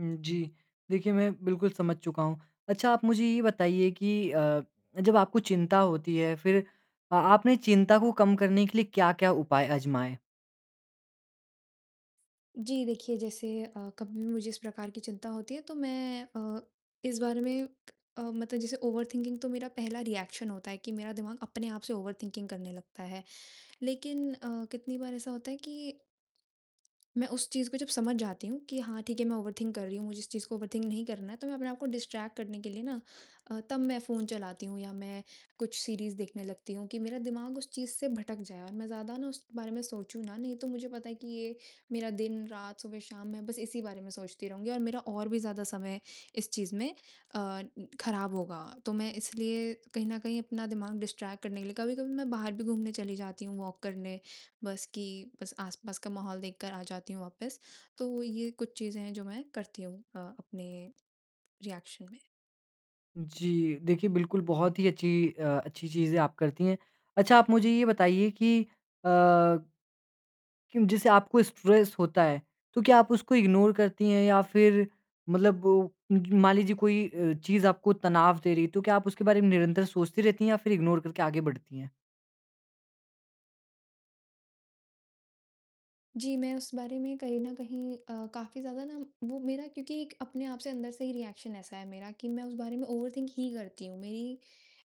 हुँ, जी। देखिए मैं बिल्कुल समझ चुका हूँ। अच्छा आप मुझे यह बताइए कि अ, जब आपको चिंता होती है फिर आ आपने चिंता को कम करने के लिए क्या-क्या उपाय आज़माए? जी देखिए, जैसे अ, कभी भी मुझे इस प्रकार की चिंता होती है तो मैं अ, इस बारे में अ, मतलब जैसे ओवरथिंकिंग तो मेरा पहला रिएक्शन होता है कि मेरा दिमाग अपने आप से ओवरथिंकिंग करने लगता है। लेकिन अ, कितनी बार ऐसा होता है कि मैं उस चीज़ को जब समझ जाती हूँ कि हाँ ठीक है, मैं ओवरथिंक कर रही हूँ, मुझे इस चीज़ को ओवरथिंक नहीं करना है, तो मैं अपने आप को डिस्ट्रैक्ट करने के लिए ना अ, तब मैं फ़ोन चलाती हूँ या मैं कुछ सीरीज़ देखने लगती हूँ कि मेरा दिमाग उस चीज़ से भटक जाए और मैं ज़्यादा ना उस बारे में सोचूँ ना, नहीं तो मुझे पता है कि ये मेरा दिन, रात, सुबह, शाम मैं बस इसी बारे में सोचती रहूँगी और मेरा और भी ज़्यादा समय इस चीज़ में अ, खराब होगा। तो मैं इसलिए कहीं न कहीं अपना दिमाग डिस्ट्रैक्ट करने के लिए कभी-कभी मैं बाहर भी घूमने चली जाती हूँ वॉक करने, बस कि बस आस-पास का माहौल देखकर आ जाती हूँ वापस, तो ये कुछ चीजें हैं जो मैं करती हूँ अ, अपने रिएक्शन में। जी, देखिए बिल्कुल बहुत ही अच्छी अ, अच्छी चीजें आप करती हैं। अच्छा आप मुझे यह बताइए कि अ जैसे आपको स्ट्रेस होता है, तो क्या आप उसको इग्नोर करती हैं या फिर मतलब उम, मान लीजिए कोई अ, चीज़ आपको तनाव दे रही है तो क्या आप उसके बारे में निरंतर सोचती रहती हैं या फिर इग्नोर करके आगे बढ़ती हैं? जी, मैं उस बारे में कहीं न कहीं अ, काफ़ी ज़्यादा ना वो मेरा क्योंकि एक अपने आप से अंदर से ही रिएक्शन ऐसा है मेरा कि मैं उस बारे में ओवरथिंक ही करती हूँ, मेरी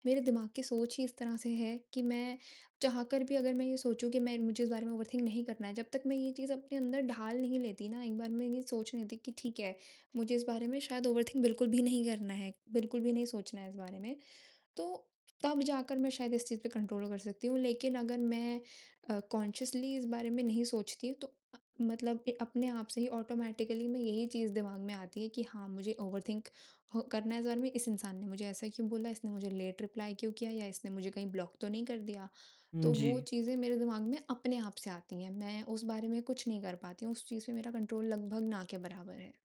मेरे दिमाग की सोच ही इस तरह से है कि मैं चाहकर भी अगर मैं यह सोचूँ कि मैं मुझे उस बारे में ओवरथिंक नहीं करना है, जब तक मैं यह चीज़ अपने अंदर ढाल नहीं लेती ना, एक बार मैं यह सोच नहीं लेती कि ठीक है, मुझे इस बारे में शायद ओवरथिंक बिल्कुल भी नहीं करना है, बिल्कुल भी नहीं सोचना है इस बारे में, तो तब जाकर मैं शायद इस चीज़ पर कंट्रोल कर सकती हूँ, लेकिन अगर मैं अ, कॉन्ससियसली इस बारे में नहीं सोचती हूँ तो अ, मतलब के अपने आप से ही ऑटोमेटिकली मैं यही चीज़ दिमाग में आती है कि हाँ, मुझे ओवरथिंक ह करना है इस बारे में। इस इंसान ने मुझे ऐसा क्यों बोला, इसने मुझे लेट रिप्लाई क्यों किया या इसने मुझे कहीं ब्लॉक तो नहीं कर दिया, तो हुँ, वो जी। चीज़ें मेरे दिमाग में अपने आप से आती हैं, मैं उस बारे में कुछ नहीं कर पाती हूँ, उस चीज़ पे मेरा कंट्रोल लगभग ना के बराबर है।